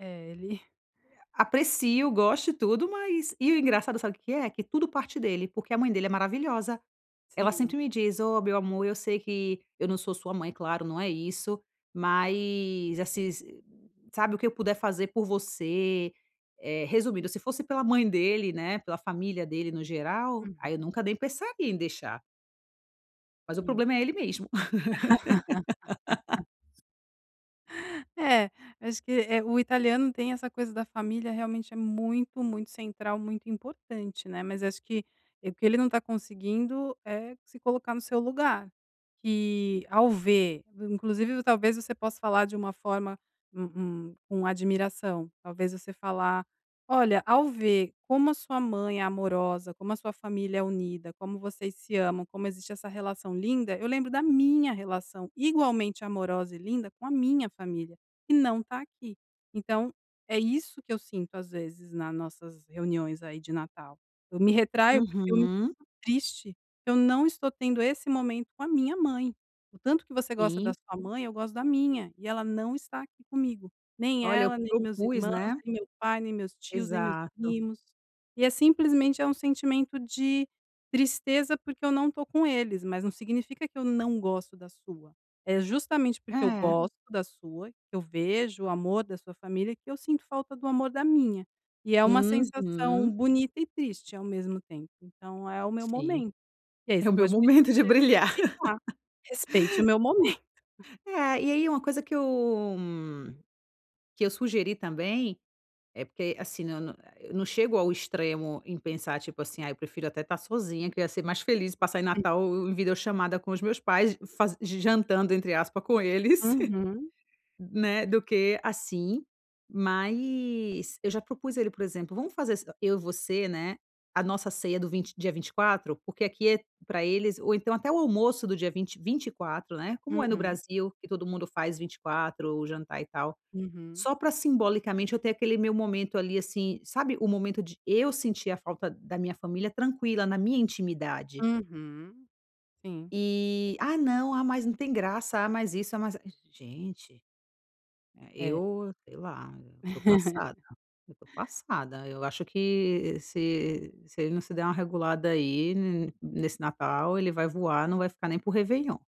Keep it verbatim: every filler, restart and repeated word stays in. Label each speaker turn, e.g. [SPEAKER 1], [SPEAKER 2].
[SPEAKER 1] É, ele
[SPEAKER 2] Aprecio, gosto e tudo, mas e o engraçado sabe o que é? Que tudo parte dele, porque a mãe dele é maravilhosa. Ela
[SPEAKER 1] Sim.
[SPEAKER 2] sempre me diz: "Ó, meu amor eu sei que eu não sou sua mãe, claro não é isso, mas assis, s sabe o que eu puder fazer por você", eh, resumindo se fosse pela mãe dele né, pela família dele no geral,
[SPEAKER 1] Uhum.
[SPEAKER 2] aí eu nunca nem pensaria em deixar mas o
[SPEAKER 1] Sim.
[SPEAKER 2] problema é ele mesmo.
[SPEAKER 1] É, acho que, eh, o italiano tem essa coisa da família realmente é muito, muito central, muito importante, né, mas acho que, eh, porque ele não tá conseguindo é se colocar no seu lugar, que ao ver v inclusive v talvez você possa falar de uma forma, um um com admiração, talvez você falar: "Olha, ao ver como a sua mãe é amorosa, como a sua família é unida, como vocês se amam, como existe essa relação linda, eu lembro da minha relação igualmente amorosa e linda com a minha família, que não tá aqui, então é isso que eu sinto, às vezes na nossas reuniões aí, de Natal. Eu me retraio porque é muito
[SPEAKER 2] Uhum.
[SPEAKER 1] triste que eu não estou tendo esse momento com a minha mãe. O tanto que você gosta da
[SPEAKER 2] Sim.
[SPEAKER 1] sua mãe eu gosto da minha e ela não está aqui comigo, nem
[SPEAKER 2] Olha eu
[SPEAKER 1] ela, nem meus
[SPEAKER 2] propus,
[SPEAKER 1] irmãos,
[SPEAKER 2] né
[SPEAKER 1] nem meu pai, nem meus tios, nem meus
[SPEAKER 2] Exato.
[SPEAKER 1] primos, e é simplesmente é um sentimento de tristeza porque eu não tô com eles, mas não significa que eu não gosto da sua. É justamente porque eu
[SPEAKER 2] É.
[SPEAKER 1] gosto da sua, que eu vejo o amor da sua família que eu sinto falta do amor da minha. E é uma sensação
[SPEAKER 2] Uhum.
[SPEAKER 1] bonita e triste ao mesmo tempo, então é o meu
[SPEAKER 2] Sim.
[SPEAKER 1] momento". E aí
[SPEAKER 2] É
[SPEAKER 1] você
[SPEAKER 2] o meu
[SPEAKER 1] pode pedir
[SPEAKER 2] momento
[SPEAKER 1] pra
[SPEAKER 2] de
[SPEAKER 1] ele
[SPEAKER 2] brilhar.
[SPEAKER 1] respeitar: "Respeite o meu momento."
[SPEAKER 2] É, ah, e aí uma coisa que eu m que eu sugeri também, é porque assim, na na eu não chego ao extremo em pensar, tipo assim: "Ai, eu prefiro até estar sozinha que eu ia ser mais feliz, passar Natal em video chamada com os meus pais, faz jantando entre aspa com eles,
[SPEAKER 1] Uhum.
[SPEAKER 2] né, do que assim.", mas eu já propus a ele, por exemplo: "Vamos fazer s eu e você, né, a nossa ceia do vint dia vinte e quatro porque aqui é, pra eles ou então até o almoço do dia vint vinte e quatro, né, como é no
[SPEAKER 1] Uhum.
[SPEAKER 2] Brasil que todo mundo faz vinte e quatro o jantar e tal,
[SPEAKER 1] Uhum.
[SPEAKER 2] só pra simbolicamente eu ter aquele meu momento ali, assim, sabe, o momento de eu sentir a falta da minha família tranquila, na minha intimidade.
[SPEAKER 1] Uhum, sim.
[SPEAKER 2] Eh: "Ah, não, ah, mas não tem graça, ah, mas isso, ah, mas a", gente,
[SPEAKER 1] É.
[SPEAKER 2] eu sei lá, tô passada, eu tô passada, eu acho que se se ele não se der uma regulada aí, n nesse Natal ele vai voar, não vai ficar nem por Réveillon.